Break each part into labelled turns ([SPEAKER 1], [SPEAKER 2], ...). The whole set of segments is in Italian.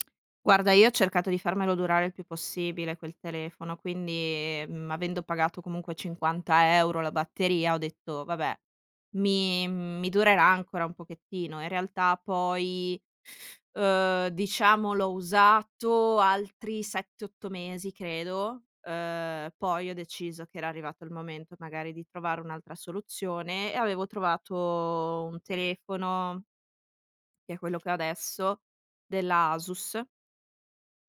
[SPEAKER 1] Guarda, io ho cercato di farmelo durare il più possibile quel telefono, quindi, mhmm, avendo pagato comunque 50 € la batteria, ho detto: "Vabbè mi mhmm, mi durerà ancora un pochettino". In realtà poi, uhm, diciamo l'ho usato altri 7,8 mesi credo, uhm, poi ho deciso che era arrivato il momento magari di trovare un'altra soluzione e avevo trovato un telefono che è quello che ho adesso, della Asus.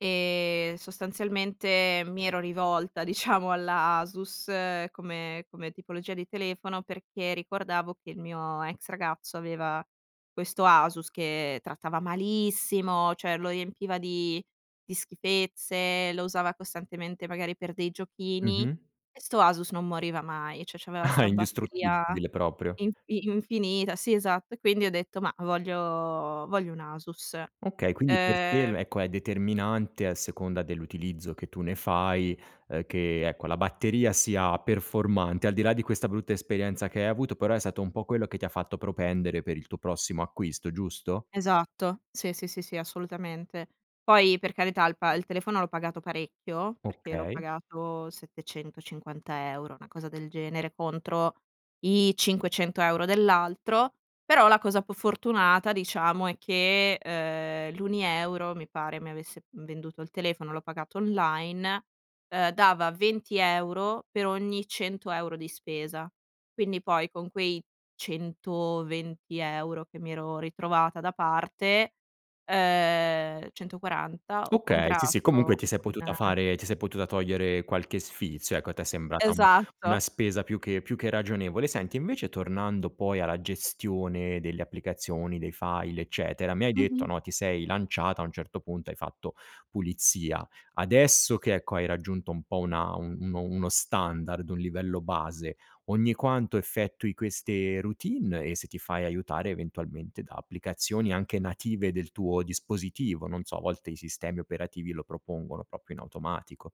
[SPEAKER 1] E sostanzialmente, mi ero rivolta diciamo alla Asus come come tipologia di telefono perché ricordavo che il mio ex ragazzo aveva questo Asus che trattava malissimo, cioè lo riempiva di di schifezze, lo usava costantemente magari per dei giochini
[SPEAKER 2] Mh-mh.
[SPEAKER 1] e 'sto Asus non moriva mai, cioè c'aveva
[SPEAKER 2] Ah,
[SPEAKER 1] sta batteria
[SPEAKER 2] indistruttibile proprio.
[SPEAKER 1] infi infinita. Sì, esatto, e quindi ho detto, ma voglio voglio un Asus.
[SPEAKER 2] Okay, quindi per te il
[SPEAKER 1] Ehm
[SPEAKER 2] ecco è determinante a seconda dell'utilizzo che tu ne fai, uhm, che ecco la batteria sia performante, al di là di questa brutta esperienza che hai avuto, però è stato un po' quello che ti ha fatto propendere per il tuo prossimo acquisto, giusto?
[SPEAKER 1] Esatto, sì, sì, sì, sì, assolutamente. Poi per carità il pa il telefono l'ho pagato parecchio, perché l'ho
[SPEAKER 2] Okay.
[SPEAKER 1] pagato 750 €, una cosa del genere contro i 500 € dell'altro. Però la cosa un po' fortunata diciamo è che, ehm, l'Unieuro mi pare mi avesse venduto il telefono, l'ho pagato online, ehm, dava 20 € per ogni 100 € di spesa. Quindi poi con quei 120 € che mi ero ritrovata da parte, ehm, 140, ho
[SPEAKER 2] Okay, sì, sì comunque
[SPEAKER 1] comprato
[SPEAKER 2] ti sei
[SPEAKER 1] un
[SPEAKER 2] potuta fare ti sei potuta togliere qualche sfizio ecco, a te è sembrata, uhm, una
[SPEAKER 1] Esatto.
[SPEAKER 2] spesa più che più che ragionevole. Senti invece tornando poi alla gestione delle applicazioni, dei file eccetera, mi hai detto
[SPEAKER 1] Mh-mh.
[SPEAKER 2] no, ti sei lanciata a un certo punto, hai fatto pulizia. Adesso che ecco hai raggiunto un po' una un uno standard, un livello base, ogni quanto effettui queste routine e se ti fai aiutare eventualmente da applicazioni anche native del tuo dispositivo, non so a volte i sistemi operativi lo propongono proprio in automatico.